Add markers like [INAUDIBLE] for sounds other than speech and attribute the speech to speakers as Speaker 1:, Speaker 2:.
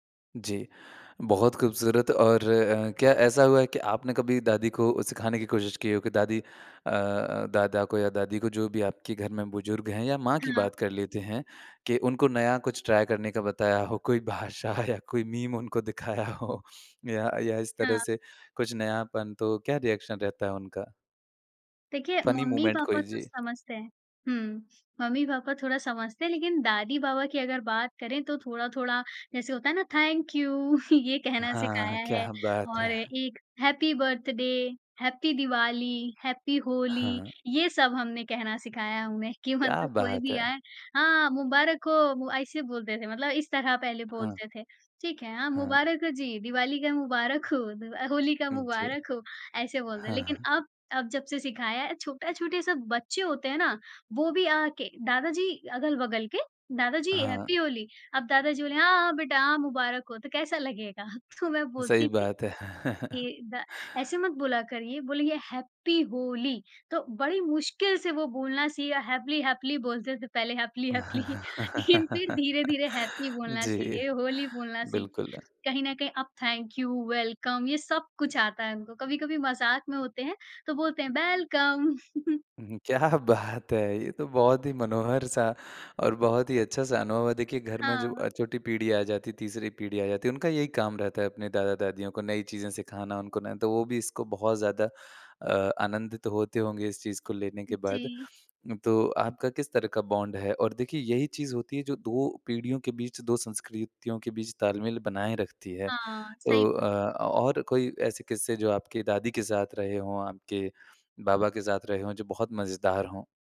Speaker 1: जी। बहुत ख़ूबसूरत और अ, क्या ऐसा हुआ है कि आपने कभी दादी को सिखाने की कोशिश की हो, कि दादी अ, दादा को या दादी को, जो भी आपके घर में बुज़ुर्ग हैं या माँ की
Speaker 2: हाँ।
Speaker 1: बात कर लेते हैं, कि उनको नया कुछ ट्राई करने का बताया हो, कोई भाषा या कोई मीम उनको दिखाया हो। या या इस
Speaker 2: हाँ।
Speaker 1: तरह से कुछ नयापन, तो क्या रिएक्शन रहता है उनका?
Speaker 2: देखिए,
Speaker 1: फ़नी मूमेंट
Speaker 2: मम्मी-पापा
Speaker 1: कोई,
Speaker 2: तो
Speaker 1: जी।
Speaker 2: समझते हैं हुँ। मम्मी-पापा थोड़ा समझते हैं लेकिन दादी-बाबा की अगर बात करें, तो थोड़ा-थोड़ा, जैसे होता है ना, थैंक यू। [CHUCKLES] ये कहना सिखाया
Speaker 1: हाँ,
Speaker 2: है,
Speaker 1: क्या बात
Speaker 2: और
Speaker 1: है!
Speaker 2: एक happy birthday, happy Diwali, happy Holi,
Speaker 1: हाँ।
Speaker 2: ये सब हमने कहना सिखाया है उन्हें, कि
Speaker 1: क्या
Speaker 2: मतलब कोई
Speaker 1: बात
Speaker 2: भी
Speaker 1: है!
Speaker 2: आए "हाँ, हाँ मुबारक हो।" वो ऐसे बोलते थे मतलब इस तरह पहले
Speaker 1: हाँ।
Speaker 2: बोलते थे, "ठीक है, हाँ,
Speaker 1: हाँ।
Speaker 2: मुबारक हो जी, दिवाली का मुबारक हो, द अ, होली का
Speaker 1: जी।
Speaker 2: मुबारक हो।" ऐसे बोलते
Speaker 1: हाँ,
Speaker 2: लेकिन
Speaker 1: हाँ।
Speaker 2: अब, अब, जब से सिखाया है, छोटा छोटे सब बच्चे होते हैं ना, वो भी आ-आ के दादा जी, अगल-बगल के, "दादा जी
Speaker 1: हाँ।
Speaker 2: हैप्पी होली।" अब दादा जी बोले, "हाँ, हाँ बेटा! हाँ, मुबारक हो," तो कैसा लगेगा? तो मैं
Speaker 1: सही
Speaker 2: बोलती थी
Speaker 1: बात है। [CHUCKLES]
Speaker 2: के, "दा ऐसे, मत बोला करिए, बोलिए, हैप्पी होली।" तो बड़ी मुश्किल से वो बोलना सीए हैपली-हैपली बोलते थे पहले, हैपली-हैपली [CHUCKLES] लेकिन फिर
Speaker 1: [CHUCKLES]
Speaker 2: धीरे-धीरे हैप्पी बोलना
Speaker 1: जी,
Speaker 2: सीखे, होली बोलना सीखे।
Speaker 1: बिल्कुल।
Speaker 2: कहीं न कहीं अब थैंक यू, वेलकम, ये सब कुछ आता है उनको। कभी-कभी मज़ाक में होते हैं, तो बोलते हैं, "बेलकम।" [CHUCKLES]
Speaker 1: क्या बात है! ये तो बहुत ही मनोहर-सा और बहुत ही अच्छा-सा अनुभव है। देखिए, घर में जो
Speaker 2: हाँ।
Speaker 1: अ, छोटी पीढ़ी आ जाती, तीसरी पीढ़ी आ जाती है, उनका यही काम रहता है, अपने दादा-दादियों को नई चीज़ें सिखाना, उनको ना तो, वो भी इसको बहुत ज़्यादा अ, आनंदित होते होंगे इस चीज़ को लेने के बाद।
Speaker 2: जी।
Speaker 1: तो आपका किस तरह का बॉन्ड है? और देखिए यही चीज़ होती है जो 2 पीढ़ियों के बीच, 2 संस्कृतियों के बीच ताल-मेल बनाए रखती है।
Speaker 2: हाँ।
Speaker 1: तो
Speaker 2: सही
Speaker 1: अ, और कोई ऐसे किस्से, जो आपकी दादी के साथ रहे हों, आपके बाबा के साथ रहे हों, जो बहुत मज़ेदार हों?